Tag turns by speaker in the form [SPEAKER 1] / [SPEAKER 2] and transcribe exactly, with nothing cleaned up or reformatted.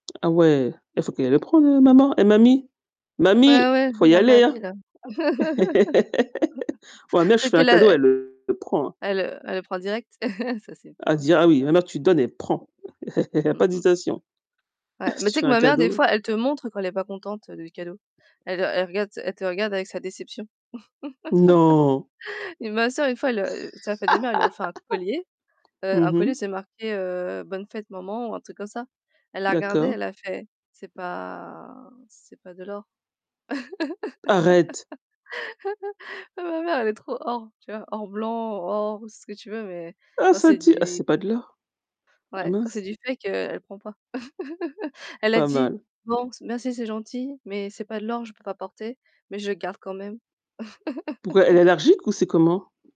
[SPEAKER 1] Ah ouais, il faut qu'elle le prende, heu, maman, eh, mamie,
[SPEAKER 2] Ouais,
[SPEAKER 1] mamie,
[SPEAKER 2] ouais,
[SPEAKER 1] faut y
[SPEAKER 2] la
[SPEAKER 1] aller, hein!
[SPEAKER 2] mamie-là
[SPEAKER 1] Ouais, ma mère, je lui
[SPEAKER 2] peut-être
[SPEAKER 1] fais un
[SPEAKER 2] qu'elle
[SPEAKER 1] cadeau,
[SPEAKER 2] a
[SPEAKER 1] elle le prend, hein.
[SPEAKER 2] Elle le elle le prend direct, ça, c'est
[SPEAKER 1] Elle
[SPEAKER 2] bien,
[SPEAKER 1] dit: «Ah
[SPEAKER 2] c'est
[SPEAKER 1] oui», ma
[SPEAKER 2] bien.
[SPEAKER 1] mère, tu donnes, elle prend, il y a
[SPEAKER 2] Mmh
[SPEAKER 1] pas
[SPEAKER 2] mh.
[SPEAKER 1] d'hésitation.
[SPEAKER 2] Ouais,
[SPEAKER 1] Si
[SPEAKER 2] mais
[SPEAKER 1] tu
[SPEAKER 2] tu sais
[SPEAKER 1] fais
[SPEAKER 2] que
[SPEAKER 1] un
[SPEAKER 2] ma mère, des
[SPEAKER 1] cadeau
[SPEAKER 2] fois, elle te montre quand elle est pas contente, heu, du cadeau. Elle elle regarde elle te regarde avec sa déception,
[SPEAKER 1] Non!
[SPEAKER 2] et ma sœur, une fois, elle, heu, c'était la fête des mères, elle lui a offert un collier, heu,
[SPEAKER 1] Mmh
[SPEAKER 2] un collier,
[SPEAKER 1] mh.
[SPEAKER 2] c'est marqué, heu, «bonne fête maman» ou un truc comme ça. Elle l'a regardé,
[SPEAKER 1] D'accord.
[SPEAKER 2] elle a fait: «C'est pas c'est pas de l'or».
[SPEAKER 1] Arrête!
[SPEAKER 2] Mais ma mère, elle est trop or, tu vois, or blanc ou or ou ce que tu veux, mais
[SPEAKER 1] Ah,
[SPEAKER 2] quand
[SPEAKER 1] ça
[SPEAKER 2] c'est
[SPEAKER 1] tue: «Ah
[SPEAKER 2] du
[SPEAKER 1] c'est pas de l'or», ah
[SPEAKER 2] Ouais, quand
[SPEAKER 1] mince!
[SPEAKER 2] c'est du fake, heu, elle prend pas. Elle a
[SPEAKER 1] Pas
[SPEAKER 2] dit:
[SPEAKER 1] mal.
[SPEAKER 2] «Bon, c merci, c'est gentil, mais c'est pas de l'or, je peux pas porter, mais je le garde quand même».
[SPEAKER 1] Pourquoi, elle est allergique ou c'est comment?